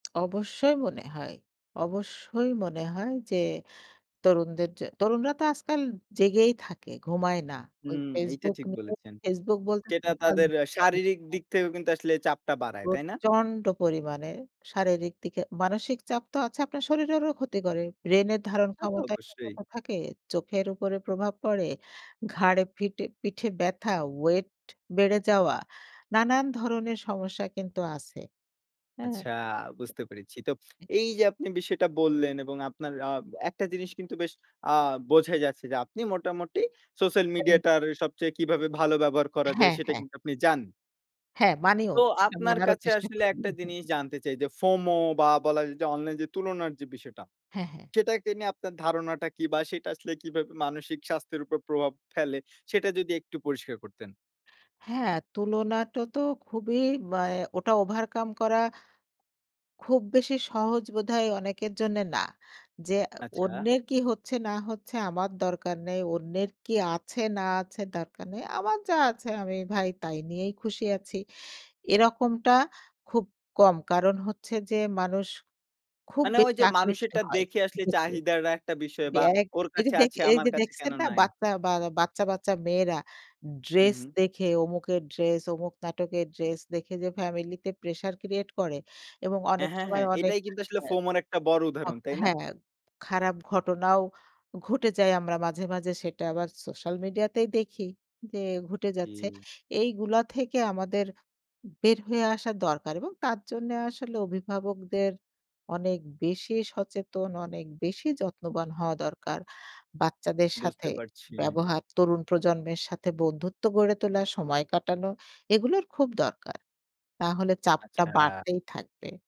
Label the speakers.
Speaker 1: অবশ্যই মনে হয়। অবশ্যই মনে হয় যে, তরুণদের যে তরুণরা তো আজকাল জেগেই থাকে, ঘুমায় না। ওই
Speaker 2: হুম, এইটা
Speaker 1: Facebook
Speaker 2: ঠিক
Speaker 1: নিয়ে।
Speaker 2: বলেছেন।
Speaker 1: Facebook বলতে
Speaker 2: যেটা
Speaker 1: সোশ্যাল
Speaker 2: তাদের আ শারীরিক
Speaker 1: মিডিয়া [unintelligible]
Speaker 2: দিক থেকেও কিন্তু আসলে চাপটা বাড়ায়, তাই না?
Speaker 1: প্রচণ্ড পরিমাণে শারীরিক দিকে মানসিক চাপ তো আছে, আপনার শরীরেরও ক্ষতি করে। ব্রেনের ধারণ
Speaker 2: তা তো
Speaker 1: ক্ষমতায়
Speaker 2: অবশ্যই।
Speaker 1: [unintelligible] থাকে, চোখের উপরে প্রভাব পড়ে, ঘাড়ে ফিটে পিঠে ব্যাথা, weight বেড়ে যাওয়া, নানান ধরনের সমস্যা কিন্তু আছে। হ্যাঁ?
Speaker 2: আচ্ছা, বুঝতে পেরেছি। তো
Speaker 1: এ
Speaker 2: এইযে আপনি বিষয়টা বললেন এবং আপনার আব একটা জিনিস কিন্তু বেশ আ বোঝাই যাচ্ছে যে, আপনি মোটামুটি সোশ্যাল
Speaker 1: [unintelligible]
Speaker 2: মিডিয়াটার সবচেয়ে কিভাবে ভালো ব্যবহার করা যায়
Speaker 1: হ্যাঁ,
Speaker 2: সেটা
Speaker 1: হ্যাঁ।
Speaker 2: কিন্তু আপনি জানেন।
Speaker 1: হ্যাঁ, মানিও।
Speaker 2: তো
Speaker 1: সেটা
Speaker 2: আপনার
Speaker 1: মানারও
Speaker 2: কাছে
Speaker 1: চেষ্টা
Speaker 2: আসলে
Speaker 1: করি।
Speaker 2: একটা জিনিস জানতে চাই যে, FOMO বা বলা যে, অনলাইন যে, তুলনার যে, বিষয়টা
Speaker 1: হ্যাঁ, হ্যাঁ।
Speaker 2: সেটাকে নিয়ে আপনার ধারণাটা কি বা সেটা আসলে কিভাবে মানসিক স্বাস্থ্যের উপর প্রভাব ফেলে? সেটা যদি একটু পরিষ্কার করতেন।
Speaker 1: হ্যাঁ, তুলনাটা তো খুবই ব্যা ওটা অ্যা overcome করা খুব বেশি সহজ বোধহয় অনেকের জন্যে না। যে, আ
Speaker 2: আচ্ছা।
Speaker 1: অন্যের কি হচ্ছে না হচ্ছে আমার দরকার নাই, অন্যের কি আছে না আছে দরকার নাই। আমার যা আছে আমি ভাই তাই নিয়েই খুশি আছি। এরকমটা খুব কম। কারণ হচ্ছে যে, মানুষ খুব
Speaker 2: মানে
Speaker 1: বেশি
Speaker 2: ওইযে
Speaker 1: আকৃষ্ট
Speaker 2: মানুষেরটা
Speaker 1: হয়
Speaker 2: দেখে আসলে
Speaker 1: দেখে।
Speaker 2: চাহিদার একটা বিষয়
Speaker 1: জী
Speaker 2: বা
Speaker 1: আরেক
Speaker 2: "ওর কাছে
Speaker 1: এইযে
Speaker 2: আছে আমার
Speaker 1: এইযে
Speaker 2: কাছে কেন
Speaker 1: দেখছেন না
Speaker 2: নাই?"
Speaker 1: বাচ্চা বা বাচ্চা, বাচ্চা মেয়েরা
Speaker 2: হুম,
Speaker 1: ড্রেস
Speaker 2: হুম।
Speaker 1: দেখে অমুকের ড্রেস অমুক নাটকের ড্রেস দেখে যে, ফ্যামিলিতে pressure create করে এবং
Speaker 2: হ্যাঁ,
Speaker 1: অনেক
Speaker 2: হ্যাঁ,
Speaker 1: সময়
Speaker 2: হ্যাঁ।
Speaker 1: অনেক
Speaker 2: এটাই কিন্তু আসলে
Speaker 1: হ্যাঁ।
Speaker 2: FOMOর একটা বড়
Speaker 1: হ
Speaker 2: উদাহরণ। তাই না?
Speaker 1: হ্যাঁ, খারাপ ঘটনাও ঘটে যায়। আমরা মাঝে, মাঝে সেটা আবার সোশ্যাল মিডিয়াতেই দেখি, যে, ঘটে যাচ্ছে।
Speaker 2: জি।
Speaker 1: এইগুলো থেকে আমাদের বের হয়ে আসা দরকার এবং তার জন্যে আসলে অভিভাবকদের অনেক বেশি সচেতন, অনেক বেশি যত্নবান হওয়া দরকার বাচ্চাদের সাথে
Speaker 2: বুঝতে পারছি।
Speaker 1: ব্যবহার, তরুণ প্রজন্মের সাথে বন্ধুত্ব গড়ে তোলা, সময় কাটানো এগুলোর খুব দরকার। না হলে চাপটা
Speaker 2: আচ্ছা।
Speaker 1: বাড়তেই থাকবে।